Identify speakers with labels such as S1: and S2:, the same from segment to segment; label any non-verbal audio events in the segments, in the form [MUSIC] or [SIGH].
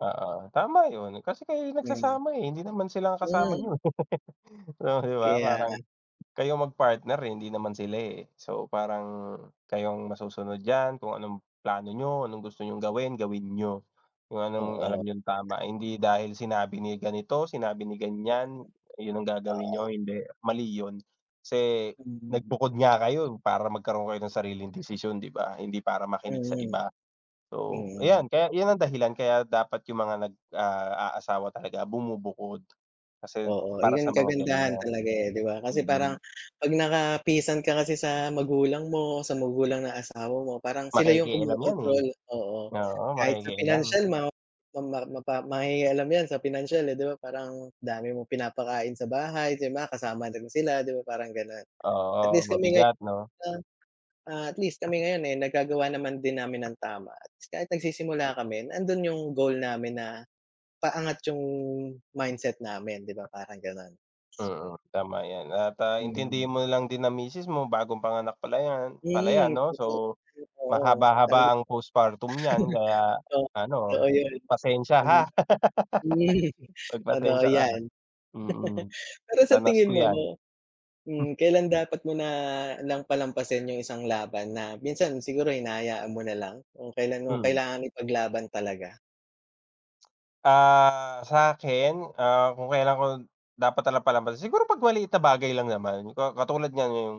S1: Oo, tama yun. Kasi kayo yung
S2: Yay.
S1: nagsasama, eh. Hindi naman sila ang kasama
S2: Mm.
S1: niyo. [LAUGHS] O, 'di ba?
S2: Kaya nga.
S1: Parang kayo ang mag-partner, eh, hindi naman sila, eh. So, parang kayo ang masusunod diyan kung anong plano niyo, anong gusto niyong gawin, gawin niyo. Kung anong alam
S2: Oo.
S1: niyong tama, hindi dahil sinabi ni ganito, sinabi ni
S2: Yes.
S1: ganiyan, yun ang gagawin
S2: Oo.
S1: niyo, hindi. Mali yun. Kasi
S2: Mm.
S1: nagbukod nga kayo para magkaroon kayo ng sariling desisyon, 'di ba? Hindi para makinig sa
S2: Mm.
S1: iba. So,
S2: Mm.
S1: ayan, kaya yun ang dahilan. Kaya dapat yung mga nag ah, aasawa talaga, bumubukod. Kasi yun,
S2: Oo,
S1: para sa
S2: yun
S1: mga
S2: kagandahan
S1: ganiyan.
S2: talaga, eh, 'di ba? Kasi parang
S1: Hmm.
S2: 'pag nakapisan ka kasi sa magulang mo o sa magulang ng asawa mo, parang sila yung
S1: Makikialam 'yan, eh.
S2: kumokontrol, oo.
S1: Oo,
S2: Kahit sa
S1: makikialam.
S2: financial ma ma ma ma mangingialam 'yan sa financial, eh. 'Di ba, parang dami mong pinapakain sa bahay, 'di ba, kasama din sila. 'Di ba parang gano'n. At
S1: Oo,
S2: least kami ngayon,
S1: mabigat 'no.
S2: ah, at least kami ngayon, eh, nagagawa naman din namin ng tama at kahit nagsisimula kami, nandun yung goal namin na paangat yung mindset namin, 'di ba, parang gano'n.
S1: Mm, tama 'yan at, ah,
S2: Mm.
S1: intindihin mo na lang din ang misis mo, bagong panganak pala 'yan pala 'yan
S2: Mm.
S1: 'no.
S2: Kasi
S1: So,
S2: ay, oo.
S1: mahaba-haba
S2: Talaga
S1: ang postpartum niyan
S2: [CHUCKLES]
S1: kaya
S2: Oo,
S1: ano,
S2: totoo yun.
S1: pasensiya, ha.
S2: Hmm. [CHUCKLES]
S1: [LAUGHS]
S2: Totoo
S1: Magpasensiya ka,
S2: 'yan.
S1: mm.
S2: [CHUCKLES] Pero sa
S1: Danas
S2: tingin
S1: ko
S2: mo
S1: 'yan.
S2: 'no,
S1: Hmm.
S2: hmm, kailan dapat mo na lang palampasin yung isang laban na minsan siguro hinahayaan mo na lang, kung kailan
S1: Hmm.
S2: kailangan ipaglaban talaga?
S1: Ah, sa'kin, ah, kung kailan ko dapat na lang palampasin? Siguro, 'pag maliit na bagay lang naman. Ka katulad niyan, yung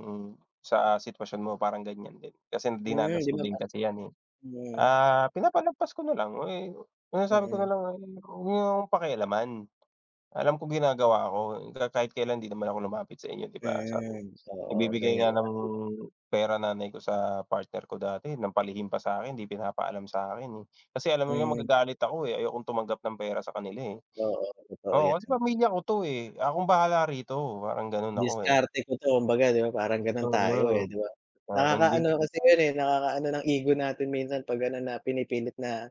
S1: sa sitwasyon mo, parang ganiyan din. Kasi
S2: Hmm, 'di
S1: dinanas ko
S2: ba,
S1: din
S2: pa
S1: kasi 'yan, eh.
S2: Mm.
S1: Ah, pinapalagpas ko na lang. Eh, oo, sinasabi ko na
S2: Mm.
S1: lang ay, "'Wag niyo akong pakialaman. Alam ko ginagawa ko. Ka kahit kailan hindi naman ako lumapit sa inyo, 'di ba?" Sa u
S2: Mm, oo,
S1: nagbibigay nga
S2: ganiyan
S1: ng
S2: lagi.
S1: pera nanay ko sa partner ko dati ng palihim pa sa'kin, hindi pinapaalam sa'kin, eh. Kasi alam nila
S2: Mm.
S1: magagalit ako, eh, ayokong tumanggap ng pera sa kanila, eh.
S2: Oo, totoo
S1: Oo, kasi
S2: 'yan.
S1: pamilya ko 'to, eh. Akong bahala rito, parang ganun ako, eh.
S2: Diskarte ko 'to, kumbaga 'di ba parang ganun tayo, eh,
S1: Solo.
S2: 'di ba?
S1: O, Hindi
S2: Nakaka-ano lang kasi yun, eh, nakaka-ano ng ego natin minsan 'pag ano, na pinipilit na,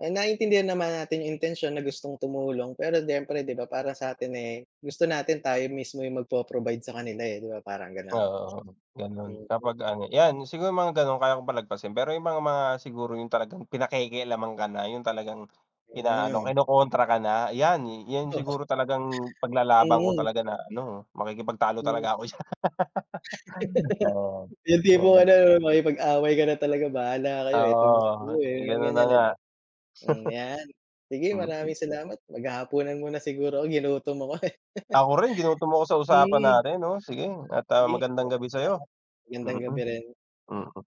S2: eh, naiintindihan naman natin yung intensiyon na gustong tumulong pero siyempre 'di ba parang sa'tin, eh, gusto natin tayo mismo yung magpo-provide sa kanila, eh, 'di ba parang gano'n?
S1: Oo, ganun.
S2: Thank you.
S1: Kapag ano, 'yan, siguro mga gano'n kaya kong palagpasin. Pero yung mga mga siguro yung talagang pinapakialaman ka na, yung talagang
S2: Yun nga,
S1: inaano,
S2: eh.
S1: kinokontra ka na. 'Yan, 'yan
S2: Oo.
S1: siguro talagang paglalaban ko
S2: Oo.
S1: talaga na ano, makikipagtalo
S2: Mm.
S1: talaga ako diyan. [LAUGHS] Oo,
S2: [LAUGHS] Yung tipong
S1: bakit.
S2: ano 'no, makikipag-away ka na talaga, bahala kayo, eh. Etong gusto
S1: Oo.
S2: niyo, eh.
S1: Eh,
S2: Yung
S1: ganun na
S2: ganiyan, eh,
S1: nga.
S2: di ba? Hmm, 'yan. Sige,
S1: [CHUCKLES] Mm.
S2: maraming salamat. Maghahapunan muna siguro ako, ginutom ako, eh.
S1: Ako rin ginutom mo ako
S2: [LAUGHS]
S1: sa usapan
S2: Mm.
S1: natin. Oo, sige at, ah,
S2: Sige.
S1: magandang
S2: Maraming
S1: gabi sa'yo,
S2: salamat. Magandang
S1: mm.
S2: gabi rin.
S1: Mm.